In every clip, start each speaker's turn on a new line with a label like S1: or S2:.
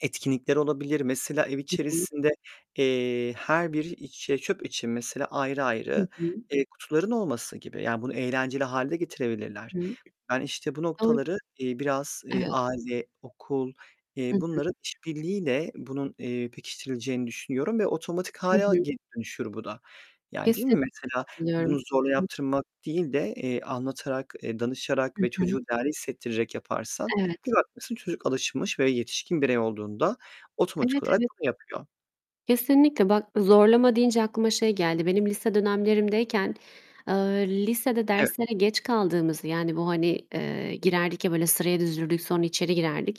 S1: Etkinlikler olabilir. Mesela, ev
S2: Hı hı.
S1: içerisinde, eee, her bir iç, eee, çöp için, mesela, ayrı
S2: Hı
S1: ayrı,
S2: hı.
S1: eee, kutuların olması gibi. Yani, bunu eğlenceli hâle de getirebilirler.
S2: Hı.
S1: Ben, işte, bu
S2: Doğru.
S1: noktaları, eee, biraz
S2: Evet.
S1: aile, okul,
S2: Hı
S1: eee,
S2: hı.
S1: bunların iş birliğiyle bunun, eee, pekiştirileceğini düşünüyorum ve otomatik
S2: Hı
S1: hâle
S2: hı.
S1: geri dönüşür bu da, yani, değil
S2: Kesinlikle
S1: mi? Mesela,
S2: katılıyorum.
S1: bunu zorla
S2: Hı hı.
S1: yaptırmak değil de, eee, anlatarak, eee, danışarak
S2: Hı
S1: ve
S2: hı.
S1: çocuğu değerli hissettirerek yaparsan bir
S2: Evet.
S1: bakmışsın, çocuk alışmış ve yetişkin birey olduğunda otomatik
S2: Evet,
S1: olarak
S2: evet.
S1: bunu yapıyor.
S2: Kesinlikle. Bak, zorlama deyince aklıma şey
S1: [unintelligible]
S2: geldi. Benim lise dönemlerimdeyken, eee, lisede
S1: Evet.
S2: derslere geç kaldığımızı bu, hani, eee, girerdik ya, böyle sıraya dizilirdik, sonra içeri girerdik.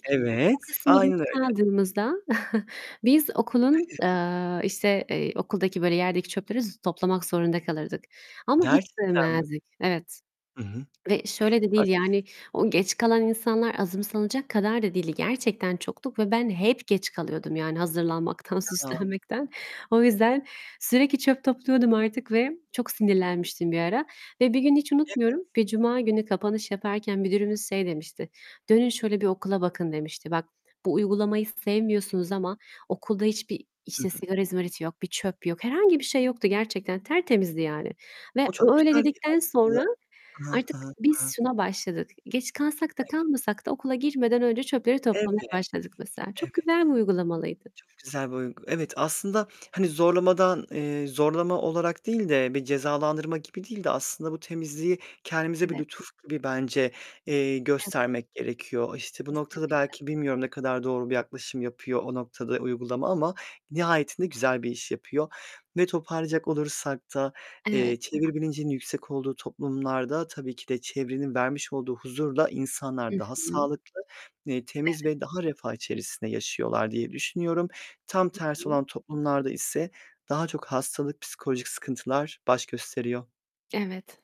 S2: O
S1: Evet,
S2: kısma geç
S1: aynen öyle.
S2: kaldığımızda biz okulun, eee, işte, eee, okuldaki böyle yerdeki çöpleri z toplamak zorunda kalırdık ama hiç
S1: Gerçekten mi?
S2: sevmezdik. Evet,
S1: Hı hı.
S2: ve şöyle de
S1: Bak,
S2: değil,
S1: işte.
S2: yani, o geç kalan insanlar azımsanacak kadar da değildi. Gerçekten çoktuk ve ben hep geç kalıyordum yani, hazırlanmaktan,
S1: Ya!
S2: süslenmekten. O yüzden sürekli çöp topluyordum artık ve çok sinirlenmiştim bir ara. Ve bir gün hiç
S1: Evet.
S2: unutmuyorum, bir cuma günü kapanış yaparken müdürümüz şey demişti: "Dönün şöyle bir okula bakın" demişti. "Bak, bu uygulamayı sevmiyorsunuz ama okulda hiçbir,
S1: Hı
S2: işte,
S1: hı.
S2: sigara izmariti yok, bir çöp yok." Herhangi bir şey yoktu gerçekten, tertemizdi yani
S1: O
S2: ve
S1: çok
S2: o öyle
S1: güzel bir
S2: dedikten
S1: aslında
S2: sonra
S1: Hı hı. Hı
S2: artık
S1: hı. Hı
S2: biz
S1: hı.
S2: şuna başladık. Geç kalsak da
S1: Evet.
S2: kalmasak da okula girmeden önce çöpleri
S1: Evet.
S2: toplamaya başladık mesela.
S1: Evet.
S2: Çok güzel bir uygulamalıydı.
S1: Çok güzel bir uygu Evet, aslında, hani, zorlamadan, eee, zorlama olarak değil de, bir cezalandırma gibi değil de aslında bu temizliği kendimize bir
S2: Evet.
S1: lütuf gibi bence, eee,
S2: Evet.
S1: göstermek gerekiyor. İşte, bu noktada
S2: Kesinlikle.
S1: belki bilmiyorum, ne kadar doğru bir yaklaşım yapıyor o noktada uygulama ama nihayetinde güzel bir iş yapıyor. Ve toparlayacak olursak da,
S2: Evet.
S1: eee, çevre bilincinin yüksek olduğu toplumlarda, tabii ki de çevrenin vermiş olduğu huzurla insanlar
S2: I
S1: daha
S2: hı.
S1: sağlıklı, eee, temiz
S2: Evet.
S1: ve daha refah içerisinde yaşıyorlar diye düşünüyorum. Tam
S2: HI
S1: tersi
S2: hı.
S1: olan toplumlarda ise daha çok hastalık, psikolojik sıkıntılar baş gösteriyor.
S2: Evet.